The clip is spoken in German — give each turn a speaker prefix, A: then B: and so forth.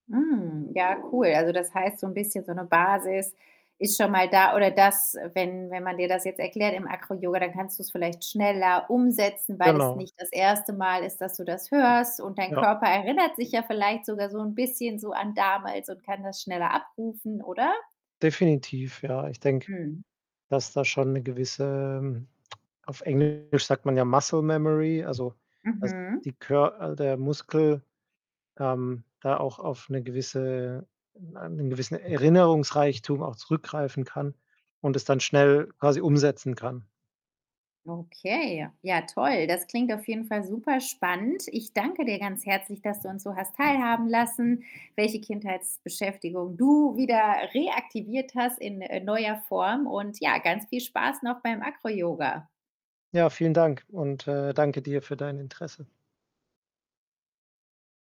A: Mm, ja, cool. Also, das heißt, so ’n bisschen so ’ne Basis ist schon mal da oder das, wenn wenn man dir das jetzt erklärt im AcroYoga, dann kannst du’s vielleicht schneller umsetzen, weil es
B: Genau.
A: nicht das 1. Mal ist, dass du das hörst und dein
B: Ja.
A: Körper erinnert sich ja vielleicht sogar so ’n bisschen so an damals und kann das schneller abrufen, oder?
B: Definitiv, ja. Ich denke,
A: Mhm.
B: dass da schon ’ne gewisse, hm auf Englisch sagt man ja Muscle Memory, also, dass
A: Mhm.
B: die Kör äh, der Muskel, ähm, da auch auf ’ne gewisse ’nen gewissen Erinnerungsreichtum auch zurückgreifen kann und es dann schnell quasi umsetzen kann.
A: Okay. Ja, ja toll. Das klingt auf jeden Fall superspannend. Ich danke dir ganz herzlich, dass du uns so hast teilhaben lassen, welche Kindheitsbeschäftigung du wieder reaktiviert hast in, äh, neuer Form und ja, ganz viel Spaß noch beim AcroYoga.
B: Ja, vielen Dank und, äh, danke dir für dein Interesse.